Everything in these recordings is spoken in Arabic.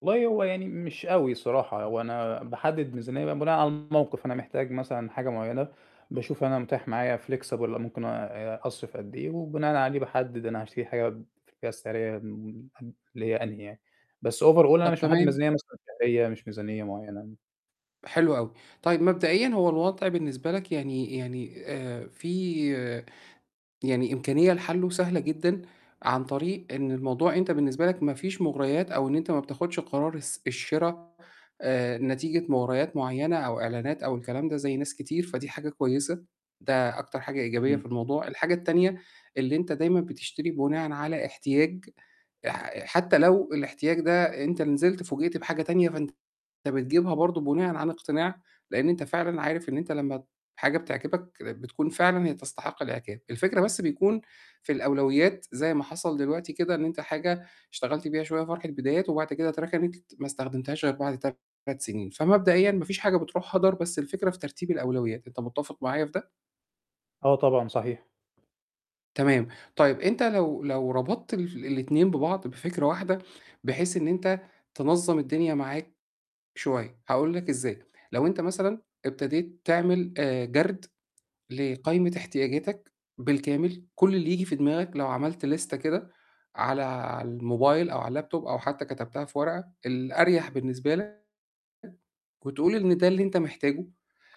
والله هو يعني مش أوي الصراحة، هو أنا باحدِّد ميزانية بقى بناءً على الموقِف، أنا محتاج مثلًا حاجة معيّنة باشوف أنا متاح معايا flexible والّا ممكن آآ أ أصرف قد إيه وبناءً عليه باحدِّد أنا هاشتري حاجة في الفئة السعريّة اللي هي أنهي يعني. بس over all أنا طَب مش محدِّد تمام. ميزانية مثلًا شهرية، مش ميزانية معيّنة. حلو أوي، طيب مبدئيًا هو الوضع بالنسبة لك يعني يعني آآ فيه يعني إمكانية لحلّه سهلة جدًا عن طريق إن الموضوع أنت بالنسبة لك ما فيش مُغريات أو إن أنت ما بتاخُدش قرار الس الشِرا آآ نتيجة مُغريات معيّنة أو إعلانات أو الكلام ده زي ناس كتير فدي حاجة كويسة، ده أكتر حاجة إيجابية إمم. في الموضوع. الحاجة التانية اللي أنت دايمًا بتشتري بناءً على احتياج آآ حتّى لو الاحتياج ده أنت نزلت فوجئت بحاجة تانية فأنت بتجيبها برضه بناءً عن اقتناع، لإن أنت فعلًا عارف إن أنت لمّا حاجة بتعجبك كانت بتكون فعلًا هي تستحق الإعجاب. الفكرة بس بيكون في الأولويات زي ما حصل دلوقتي كده إن أنت حاجة اشتغلت بيها شوية فرحة بدايات وبعد كده أتركنت ما استخدمتهاش غير بعد 3 سِنين، فمبدئيًا ما فيش حاجة بتروح هَدَر، بس الفكرة في ترتيب الأولويات، أنت مُتفق معايا في ده؟ آه طبعًا، صحيح. تمام، طيب أنت لو لو ربطت الف الاتنين ببعض بفكرة واحدة بحيث إن أنت تنظّم الدنيا معاك شوية، هاقول لك إزاي، لو أنت مثلًا ابتديت تعمل آآ جَرد لقايمة احتياجاتك بالكامل، كل اللي ييجي في دماغك لو عملت ليستة كده على على الموبايل أو على اللاب توب أو حتّى كتبتها في ورقة، الأريح بالنسبة لك وتقول إن ده اللي أنت محتاجه،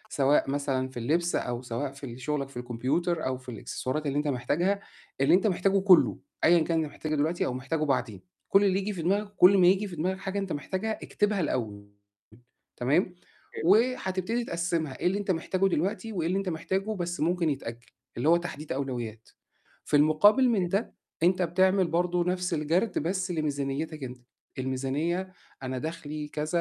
سواء مثلًا في اللبس أو سواء في ال شُغلك في الكمبيوتر أو في الإكسسوارات اللي أنت محتاجها اللي أنت محتاجه كلّه أيًا كان أنت محتاجه الوقتي أو محتاجه بعدين، كل اللي ييجي في دماغك وكل ما ييجي في دماغك حاجة أنت محتاجها اكتبها الأول تمام، [unintelligible] وهتبتدي تقسّمها إيه اللي أنت محتاجه دلوقتي وإيه اللي أنت محتاجه بس ممكن يتأجّل، اللي هو تحديد أولويات. في المقابل من [unintelligible] ده أنت بتعمل برضه نَفْس الجَرد بس لميزانيتك أنت، الميزانية أنا دخلي كذا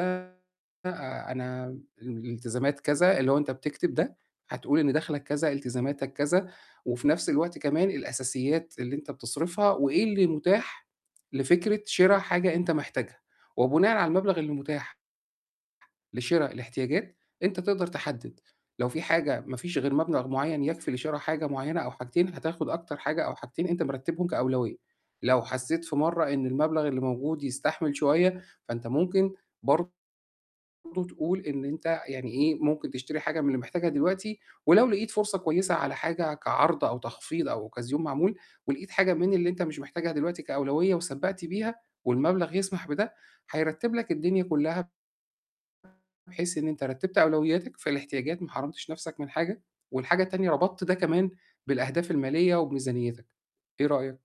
آآ أنا م ال الالتزامات كذا، اللي هو أنت بتكتب ده هتقول إن دَخْلك كذا، التزاماتك كذا وفي نَفْس الوقت كمان الأساسيات اللي أنت بتصرفها وإيه اللي متاح لفكرة شِرا حاجة أنت محتاجها وبناءً على المبلغ اللي متاح لشرا الاحتياجات، أنت تقدر تحدِّد لو في حاجة ما فيش غير مبلغ معيّن يكفي لشِرا حاجة معيّنة أو حاجتين، هتاخُد أكتر حاجة أو حاجتين أنت مرتّبهم كأولوية. لو حسّيت في مرّة إن المبلغ اللي موجود يستحمل شوية، فأنت ممكن برضه تقول إن أنت يعني إيه، ممكن تشتري حاجة من اللي محتاجها دلوقتي ولو لقيت فرصة كويسة على حاجة كعرض أو تخفيض أو أوكازيون معمول ولقيت حاجة من اللي أنت مش محتاجها دلوقتي كأولوية وسبّقت بيها والمبلغ يسمح بده هيرتّب لك الدنيا كُلّها بحيث إن أنت رتّبت أولوياتك في الاحتياجات، ما حرمتش نَفْسك من حاجة والحاجة التانية ربطت ده كمان بالأهداف الماليّة وبميزانيتك، إيه رأيك؟